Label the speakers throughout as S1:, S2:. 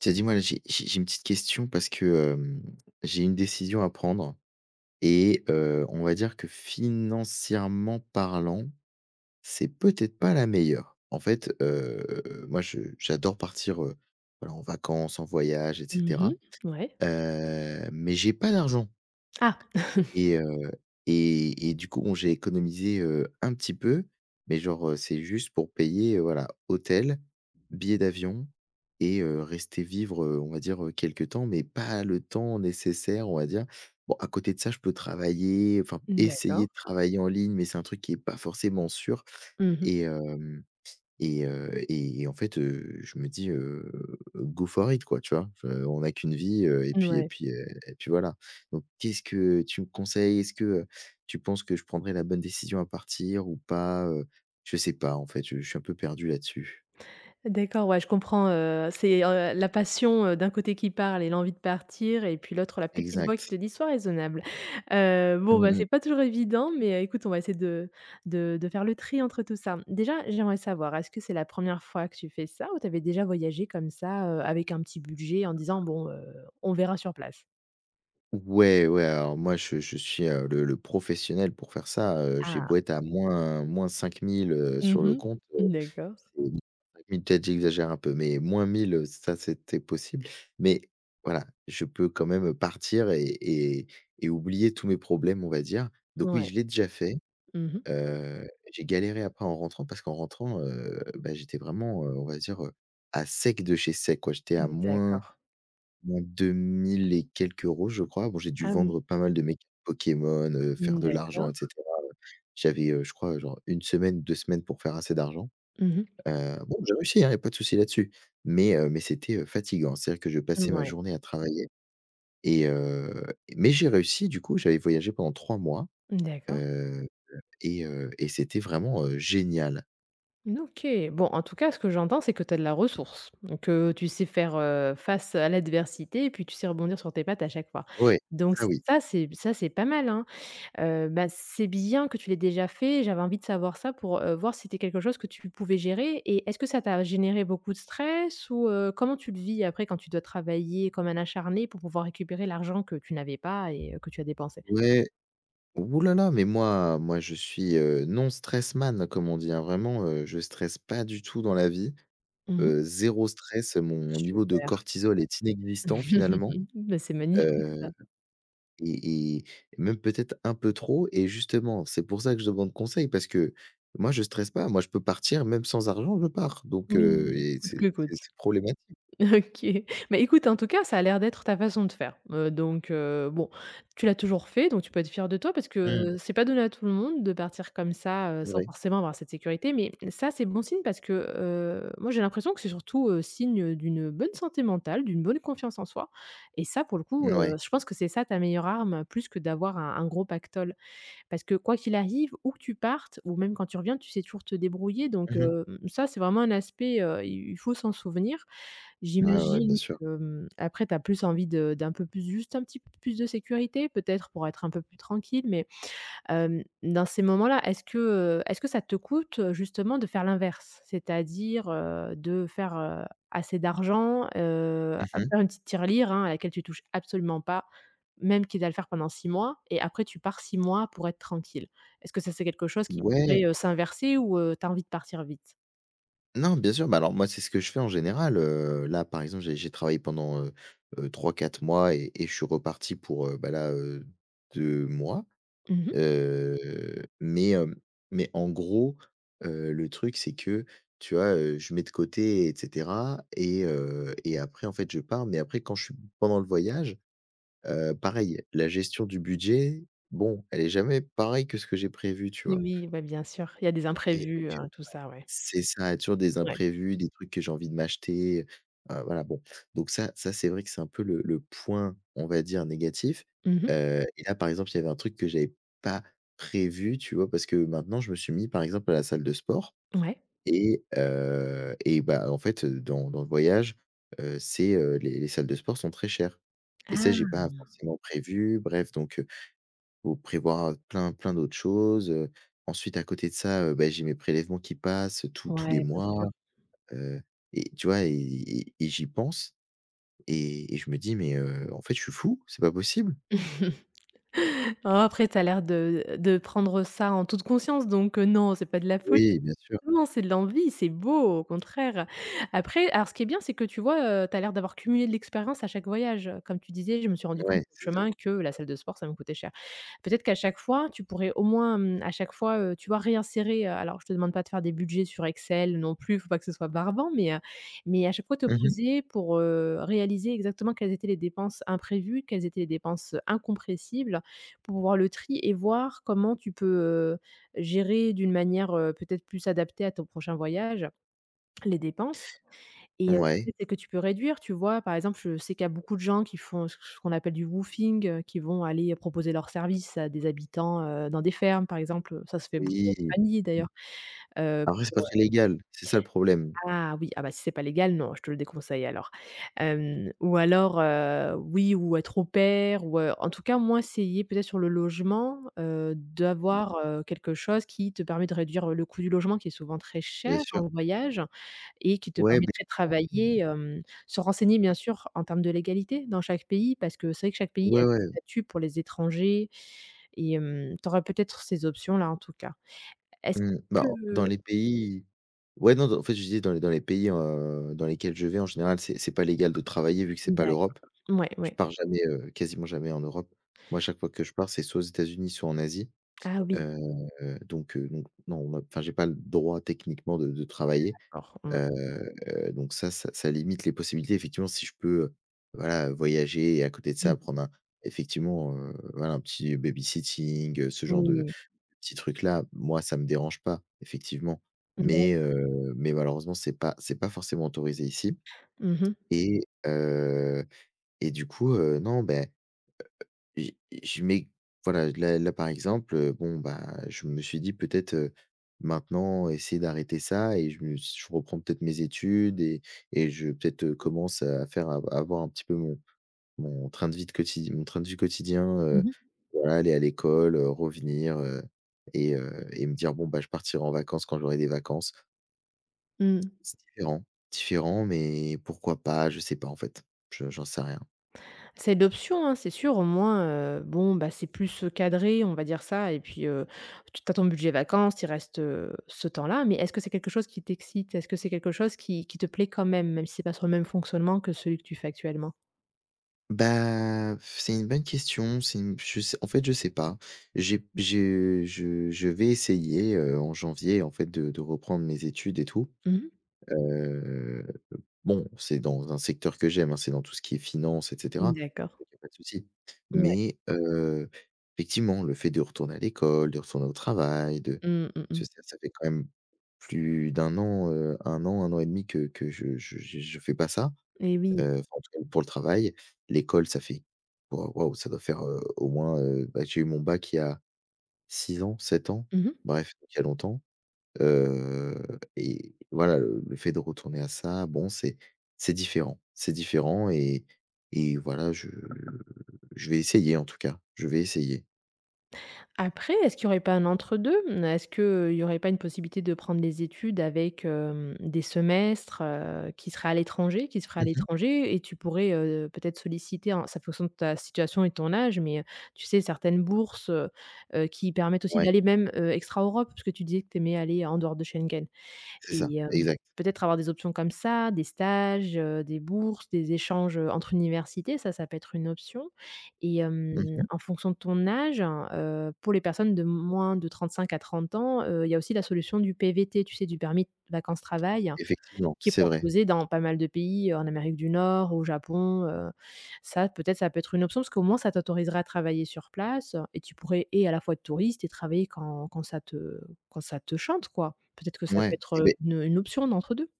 S1: Tiens, dis-moi là. J'ai j'ai j'ai une petite question parce que, hem, j'ai une décision à prendre et heu, on va dire que financièrement parlant, c'est peut-être pas la meilleure. En fait, heu, moi, je j'adore partir, heu, alors, en vacances, en voyage et
S2: Mmh
S1: cetera,
S2: mh, ouais.
S1: heu, mais j'ai pas d'argent!
S2: Ah!
S1: Et heu, et et du coup, bon, j'ai économisé, heu, un petit peu, mais genre, heu, c'est juste pour payer, heu, voilà, hôtel, billet d'avion, et heu, rester vivre, heu, on va dire, heu, quelque temps, mais pas le temps nécessaire, on va dire bon, à côté de ça, je peux travailler, enfin
S2: N
S1: essayer
S2: d'accord.
S1: de travailler en ligne, mais c'est un truc qui est pas forcément sûr.
S2: Mmh mh.
S1: Et heu et heu, et en fait, heu, je me dis, heu,: «go for it!» quoi, tu vois? On n'a qu'une vie, heu, et puis et
S2: Ouais.
S1: puis, heu, et puis voilà. Donc, qu'est-ce que tu me conseilles? Est-ce que tu penses que je prendrai la bonne décision à partir ou pas, heu? Je sais pas en fait, je je suis un peu perdu là-dessus.
S2: D'accord. Ouais, je comprends, heu, c'est, heu, la passion d'un côté qui parle et l'envie de partir, et puis l'autre, la petite voix qui
S1: Exact.
S2: te dit: «Soit raisonnable». Heu, bon,
S1: Mmh
S2: bah,
S1: mh.
S2: c'est pas toujours évident, mais écoute, on va essayer de de de faire le tri entre tout ça. Déjà, j'aimerais savoir, est-ce que c'est la 1re fois que tu fais ça? Ou tu avais déjà voyagé comme ça, heu, avec un petit budget en disant: «Bon, heu, on verra sur place»?
S1: Ouais, ouais, alors moi, je je suis, heu, le le professionnel pour faire ça, heu, j'ai beau
S2: Ah!
S1: être à moins -5000 heu,
S2: Mmh
S1: sur le
S2: mh.
S1: compte, heu,
S2: D'accord.
S1: c'est [unintelligible] oui peut-être j'exagère un peu, mais -1000 heu, ça c'est peut être possible. Mais voilà, je peux quand même partir et et et oublier tous mes problèmes, on va dire. Donc oui,
S2: Ouais.
S1: je l'ai déjà fait.
S2: Mmh mh.
S1: Heu, j'ai galéré après en rentrant parce qu'en rentrant, heu, beh, j'étais vraiment, heu, on va dire, heu, à sec de chez sec quoi, j'étais à moins
S2: D'accord.
S1: moins deux mille et quelques euros je crois. Bon, j'ai dû
S2: Ah oui.
S1: vendre pas mal de mes cartes Pokémon, heu, faire
S2: Mmh,
S1: de l'argent
S2: d'accord.
S1: et cetera. J'avais, heu, je crois genre 1 semaine, 2 semaines pour faire assez d'argent.
S2: Mmh mh.
S1: Heu, bon j'ai réussi hein, il y a pas de souci là-dessus mais heu, mais c'était, heu, fatiguant. C'est-à-dire que je passais ma
S2: Mouais.
S1: journée à travailler et heu mais j'ai réussi du coup, j'avais voyagé pendant 3 mois,
S2: D'accord.
S1: heu, et heu, et c'était vraiment, heu, génial!
S2: N OK. Bon, en tout cas, ce que j'entends c'est que tu as de la ressource, donc heu, tu sais faire, heu, face à l'adversité et puis tu sais rebondir sur tes pattes à chaque fois.
S1: Oui,
S2: Donc
S1: ça oui.
S2: ça, c'est b ça, c'est pas mal, hein? Heu, bah, c'est bien que tu l'aies déjà fait, j'avais envie de savoir ça pour heu, voir si c'était quelque chose que tu pouvais gérer et est-ce que ça t'a généré beaucoup de stress? Ou heu, comment tu le vis après quand tu dois travailler comme un acharné pour pouvoir récupérer l'argent que tu n'avais pas et que tu as dépensé?
S1: Ouais. Ouh là là, mais moi moi je suis, heu, non stress man comme on dit hein, vraiment, heu, je stresse pas du tout dans la vie.
S2: Mmh mh.
S1: Heu, 0 stress, mon niveau de
S2: Super.
S1: cortisol est inexistant finalement.
S2: Mais c'est magnifique
S1: Heu,
S2: ça.
S1: et et même peut-être un peu trop et justement, c'est pour ça que je demande conseil parce que moi je stresse pas, moi, je peux partir, même sans argent je pars. Donc heu,
S2: Oui,
S1: et
S2: coûte
S1: c'est
S2: que coûte.
S1: c'est c'est problématique.
S2: OK. Mais écoute en tout cas, ça a l'air d'être ta façon de faire. Heu, donc heu, bon, tu l'as toujours fait, donc tu peux être fier de toi parce
S1: Mmh.
S2: que c'est pas donné à tout le monde de partir comme ça, heu,
S1: C'est
S2: sans
S1: vrai.
S2: forcément avoir cette sécurité. Mais ça, c'est bon signe parce que heu, moi, j'ai l'impression que c'est surtout, heu, signe d'une bonne santé mentale, d'une bonne confiance en soi, et ça, pour le coup,
S1: N
S2: heu,
S1: ouais.
S2: je pense que c'est ça ta meilleure arme, plus que d'avoir un un gros pactole. Parce que quoi qu'il arrive, où que tu partes ou même quand tu reviens, tu sais toujours te débrouiller donc
S1: Mmh mh.
S2: hem, ça c'est vraiment un aspect, heu, il il faut s'en souvenir.
S1: Ouais ouais, bien
S2: J'imagine
S1: sûr.
S2: que, mmh, après tu as plus envie de d'un peu plus juste un petit plus de sécurité, peut-être pour être un peu plus tranquille mais hem, dans ces moments-là, est-ce que heu est-ce que ça te coûte justement de faire l'inverse? C'est-à-dire, heu, de faire, heu, assez d'argent, heu heu,
S1: Mmh mh.
S2: faire une petite tirelire, hein, à laquelle tu touches absolument pas, même quitte à le faire pendant 6 mois, et après tu pars 6 mois pour être tranquille. Est-ce que ça, c'est quelque chose qui pourrait,
S1: Ouais!
S2: heu, s'inverser ou heu, tu as envie de partir vite?
S1: Non, bien sûr, bah, alors moi, c'est ce que je fais en général. Heu, là, par exemple, j'ai j'ai travaillé pendant, heu heu, 3-4 mois et et je suis reparti pour, heu, bah, là, heu, 2 mois.
S2: Mmh mh.
S1: Heu mais hem mais en gros, heu, le truc, c'est que, tu vois, heu, je mets de côté et cetera et heu et après, en fait, je pars mais après quand je suis pendant le voyage, heu, pareil, la gestion du budget, bon, elle est jamais pareille que ce que j'ai prévu, tu
S2: Eh,
S1: vois?
S2: oui! Bah, bien sûr. Il y a des
S1: Et donc
S2: imprévus, heu,
S1: heu,
S2: tout
S1: voilà
S2: ça, ouais.
S1: c'est ça. Il y a toujours des
S2: Ouais.
S1: imprévus, des trucs que j'ai envie de m'acheter, heu, voilà, bon. Donc ça ça, c'est vrai que c'est un peu le le point, on va dire, négatif.
S2: Mmh mh.
S1: Heu et là, par exemple, il y avait un truc que j'avais pas prévu, tu vois, parce que, maintenant, je me suis mis, par exemple, à la salle de sport
S2: Ouais.
S1: et heu et bah, en fait, dans dans le voyage, heu, c'est, heu, les les salles de sport sont très chères et ça,
S2: Ah!
S1: j'ai pas forcément prévu. Bref donc heu, il faut prévoir plein, plein d'autres choses, heu. Ensuite à côté de ça, heu, ben, j'ai mes prélèvements qui passent tous tous
S2: Ouais,
S1: les
S2: bien
S1: mois,
S2: sûr.
S1: heu et tu vois, et et et j'y pense et et je me dis: «Mais heu, en fait, je suis fou, c'est pas possible».
S2: Oh, après, tu as l'air de, heu, de prendre ça en toute conscience donc heu, non, c'est pas de la fol
S1: Oui, bien sûr.
S2: non, c'est de l'envie, c'est beau, au contraire. Après alors, ce qui est bien, c'est que tu vois, heu, tu as l'air d'avoir cumulé de l'expérience à chaque voyage. Comme tu disais: «Je me suis rendu compte,
S1: Ouais, c'est
S2: sur le
S1: ça.
S2: chemin, que la salle de sport, ça me coûtait cher». Peut-être qu'à chaque fois, tu pourrais, au moins, mmh, à chaque fois, heu, tu vois, réinsérer, heu, alors je te demande pas de faire des budgets sur Excel non plus, il faut pas que ce soit barbant. Mais heu mais à chaque fois te
S1: Mmh mh.
S2: poser pour, heu, réaliser exactement quelles étaient les dépenses imprévues, quelles étaient les dépenses incompressibles pour voir le tri et voir comment tu peux, heu, gérer d'une manière, heu, peut-être plus adaptée à ton prochain voyage, les dépenses. Et heu [unintelligible]
S1: Ouais.
S2: celles que tu peux réduire, tu vois? Par exemple, je sais qu'il y a beaucoup de gens qui font c c ce qu'on appelle du woofing, heu, qui vont aller proposer leurs services à des habitants, heu, dans des fermes, par exemple. Heu, ça se fait beaucoup
S1: Oui.
S2: en famille,
S1: Mmh.
S2: d'ailleurs, heu
S1: Après, c'est pas
S2: pour
S1: très
S2: heu
S1: légal. C'est ça, le problème.
S2: Ah, oui, ah, bah, si c'est pas légal, non, je te le déconseille alors. Hem ou alors heu, oui ou être au pair ou heu, en tout cas, au moins, essayer peut-être sur le logement, heu,
S1: Mmh mh.
S2: d'avoir, heu, quelque chose qui te permet de réduire, heu, le coût du logement qui est souvent très
S1: Bien
S2: cher
S1: sûr.
S2: en voyage et qui te
S1: Ouais, beh.
S2: permettrait de travailler,
S1: [unintelligible]
S2: hem, se renseigner, bien sûr, en termes de légalité dans chaque pays, parce que c'est vrai que chaque pays a
S1: Ouais,
S2: des
S1: ouais.
S2: statuts pour les étrangers et hem, tu auras peut-être ces options-là, en tout cas. Est-ce
S1: Mmh. Bah,
S2: que
S1: en dans les pays ouais, non, non, en fait, je disais, dans les dans les pays, heu, dans lesquels je vais, en général, c'est c'est pas légal de travailler vu que c'est pas
S2: D'acco
S1: l'Europe.
S2: ouais,
S1: Je
S2: ouais.
S1: pars jamais, heu, quasiment jamais en Europe. Moi, à chaque fois que je pars, c'est soit aux États-Unis, soit en Asie.
S2: Ah, oui.
S1: Heu donc heu donc non, enfin, j'ai pas le droit techniquement de de travailler.
S2: D'accord, mmh.
S1: Heu donc ça ç ça limite les possibilités. Effectivement, si je peux, heu, voilà, voyager et à côté de
S2: Mmh
S1: ça,
S2: mh.
S1: prendre un effectivement, heu, voilà, un petit baby-sitting, heu, ce genre de de
S2: Oui.
S1: petits trucs-là. Moi, ça me dérange pas, effectivement.
S2: D'acc
S1: Mais heu mais malheureusement, c'est pas c'est pas forcément autorisé ici
S2: Mmh mh.
S1: et heu et du coup, heu, non, ben, heu heu, j je mets voilà, là, là, par exemple, heu, bon, bah, je me suis dit: «Peut-être, heu, maintenant, essayer d'arrêter ça et je me s je reprends peut-être mes études et et je, peut-être, heu, commence à faire à à avoir un petit peu mon mon train de vie de quotid mon train de vie quotidien, heu,
S2: Mmh mh.
S1: voilà, aller à l'école, heu, revenir», heu et heu et me dire: «Bon bah, je partirai en vacances quand j'aurai des vacances».
S2: Mmh.
S1: C'est différent. Différent, mais pourquoi pas? Je sais pas, en fait. Je j'en sais rien.
S2: C'est l'option, hein, c'est sûr au moins, heu, bon, bah, c'est plus, heu, cadré. On va dire ça, et puis, heu, tu tu as ton budget vacances, tu y reste, heu, ce temps-là, mais est-ce que c'est quelque chose qui t'excite? Est-ce que c'est quelque chose qui qui te plaît quand même même si c'est pas sur le même fonctionnement que celui que tu fais actuellement?
S1: Bah. C'est une bonne question, c'est une p je sais en fait, je sais pas. J'ai j'ai je je vais essayer, heu, en janvier, en fait, de de reprendre mes études et tout.
S2: Mmh.
S1: Heu, bon, c'est dans un secteur que j'aime, hein. C'est dans tout ce qui est finance et
S2: Mmh,
S1: cetera,
S2: d'accord.
S1: donc il y a pas de souci.
S2: Ouais.
S1: Mais heu, effectivement, le fait de retourner à l'école, de retourner au travail, de
S2: Mmh, mh, mh.
S1: [unintelligible] ca fait quand même plus de 1 an, heu, 1 an et demi, que que je je je je fais pas ça.
S2: Et oui.
S1: Heu, enfin, en tout cas, pour le travail. L'école ça fait wao waouh! Ça doit faire, heu, au moins, heu, bah, j'ai eu mon bac il y a 6 ans, 7 ans.
S2: Mmh mh.
S1: Bref, il y a longtemps. Heu, et voilà, le le fait de retourner à ça, bon, c'est c'est différent c'est différent et et voilà, je je vais essayer en tout cas. Je vais essayer.
S2: Après, est-ce qu'il y aurait pas un entre-deux? Mmh, est-ce que il y aurait pas une possibilité de prendre les études avec, hem, des semestres, heu, qui seraient à l'étranger, qui se feraient à
S1: Mmh mh.
S2: l'étranger et tu pourrais, heu, peut-être, solliciter, hein, c'est en fonction de ta situation et ton âge, mais, heu, tu sais, certaines bourses, heu heu, qui permettent aussi
S1: Ouais.
S2: d'aller même, heu, extra Europe puisque tu disais que tu aimais aller en dehors de Schengen
S1: C'est ça,
S2: et hem,
S1: exact.
S2: peut-être, avoir des options comme ça, des stages, heu, des bourses, des échanges, heu, entre universités, ça, ça peut être une option et hem,
S1: Mmh mh.
S2: en fonction de ton âge, hein, heu, pour les personnes de moins de 35 à 30 ans, heu, il y a aussi la solution du PVT, tu sais, du permis vacances-travail,
S1: Effectivement,
S2: qui est
S1: c'est vrai.
S2: proposé dans pas mal de pays en Amérique du Nord, au Japon, heu, ça, peut-être, ça peut être une option, parce qu'au moins, ça t'autoriserait à travailler sur place et tu pourrais et à la fois être touriste et travailler quand quand ça te quand ça te chante, quoi. Peut-être que ça peut
S1: Ouais,
S2: être,
S1: eh
S2: heu,
S1: beh
S2: une une option d'entre-deux.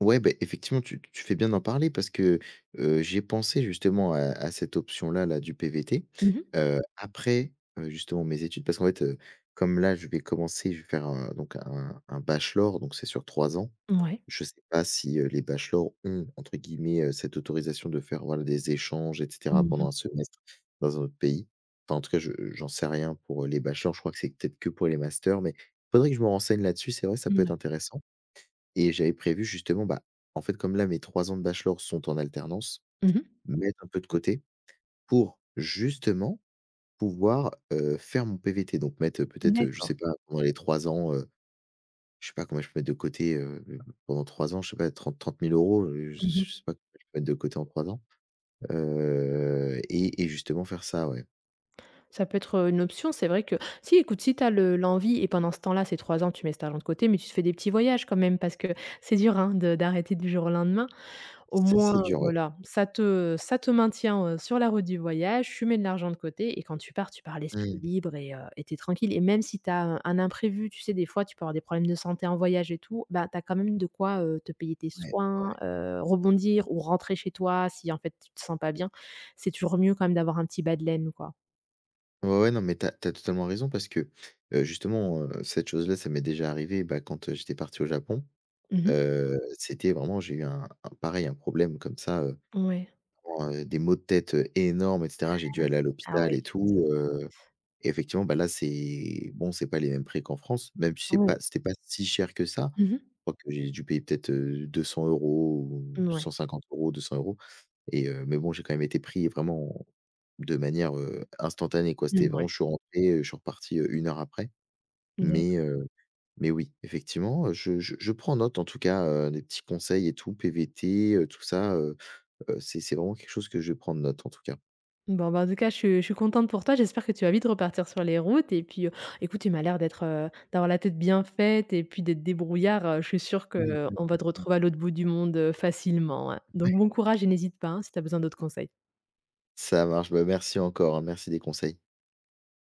S1: ouais, beh, effectivement, tu tu fais bien d'en parler, parce que, heu, j'ai pensé, justement, à à cette option-là, là, du PVT,
S2: Mmh mh.
S1: heu, après, heu, justement, mes études, parce qu'en fait, heu, comme là, je vais commencer, je vais faire un donc, un un bachelor donc c'est sur 3 ans.
S2: Mouais.
S1: Je sais pas si, heu, les bachelors ont, entre guillemets, heu, «cette autorisation de faire voilà, des échanges et cetera
S2: Mmh
S1: pendant
S2: mh.
S1: 1 semestre, dans un autre pays», enfin, en tout cas, je j'en sais rien pour, heu, les bachelors, je crois que c'est peut-être que pour les masters, mais il faudrait que je me renseigne là-dessus, c'est vrai, ça peut être
S2: Mouais.
S1: intéressant et j'avais prévu, justement, bah, en fait, comme là, mes 3 ans de bachelor sont en alternance,
S2: Mmh mh.
S1: mettre un peu de côté, pour, justement, pouvoir, heu, faire mon PVT donc mettre, heu, peut-être, heu, je
S2: D'accord.
S1: sais pas, pendant les 3 ans, heu, je sais pas combien je peux mettre de côté, heu, pendant 3 ans, je sais pas, trente-trente mille euros, heu, je
S2: Mmh
S1: je
S2: mh.
S1: sais pas combien je peux mettre de côté en 3 ans, heu et et justement faire ça, ouais.
S2: Ça peut être, heu, une option, c'est vrai que si écoute, si tu as le l'envie et pendant ce temps-là ces 3 ans, tu mets cet argent de côté mais tu te fais des petits voyages quand même parce que, c'est dur, hein, de d'arrêter du jour au lendemain! Au
S1: Ça, c'est
S2: moins
S1: dur, ouais.
S2: voilà, ça te ça te maintient, heu, sur la route du voyage, tu mets de l'argent de côté et quand tu pars, tu pars
S1: Mmh
S2: l'esprit
S1: mh.
S2: libre et heu et tu es tranquille. Et même si tu as un un imprévu, tu sais, des fois tu peux avoir des problèmes de santé en voyage et tout, bah, tu as quand même de quoi, heu, te payer tes
S1: Ouais,
S2: soins,
S1: ouais.
S2: heu, rebondir ou rentrer chez toi si, en fait, tu te sens pas bien. C'est toujours mieux quand même d'avoir un petit bas de laine, quoi.
S1: Ouais, ouais, non mais tu as tu as totalement raison parce que, heu, justement, heu, cette chose-là, ça m'est déjà arrivé, bah, quand, heu, j'étais parti au Japon,
S2: Mmh mh.
S1: heu, c'était vraiment j'ai eu un un, pareil, un problème comme ça, heu,
S2: Ouais.
S1: vraiment, heu, des maux de tête, heu, énormes et
S2: Mmh
S1: cetera. J'ai dû
S2: mh.
S1: aller à
S2: Ah
S1: l'hôpital
S2: ouais,
S1: et
S2: je suis désolée.
S1: tout, heu et effectivement, bah, là c'est bon, c'est pas les mêmes prix qu'en France même si c'est
S2: Oui.
S1: pas c'était pas si cher que ça.
S2: Mmh mh.
S1: Je crois que j'ai dû payer peut-être, heu, 200 € ou
S2: N ouais.
S1: 150 €, 200 € et heu, mais bon j'ai quand même été pris vraiment de manière, heu, instantanée, quoi, c'était
S2: Mmh,
S1: vraiment,
S2: ouais.
S1: je suis rentré, heu, je suis reparti, heu, 1 heure après
S2: D'acc
S1: mais heu, mais oui, effectivement, heu, je je je prends note en tout cas, heu, les petits conseils et tout, PVT, heu, tout ça, heu heu, c'est c'est vraiment quelque chose que je vais prendre note en tout cas.
S2: Bon, ben, en tout cas, je suis je suis contente pour toi! J'espère que tu vas vite repartir sur les routes et puis, heu, écoute, tu m'as l'air d'être, heu, d'avoir la tête bien faite et puis d'être débrouillard, heu, je suis sûre que, heu, on va te
S1: [unintelligible]
S2: retrouver à l'autre bout du monde, heu, facilement, hein,
S1: Ouais.
S2: donc bon courage et n'hésite pas, hein, si tu as besoin d'autres conseils.
S1: Ça marche, bah, merci encore, hein, merci des conseils.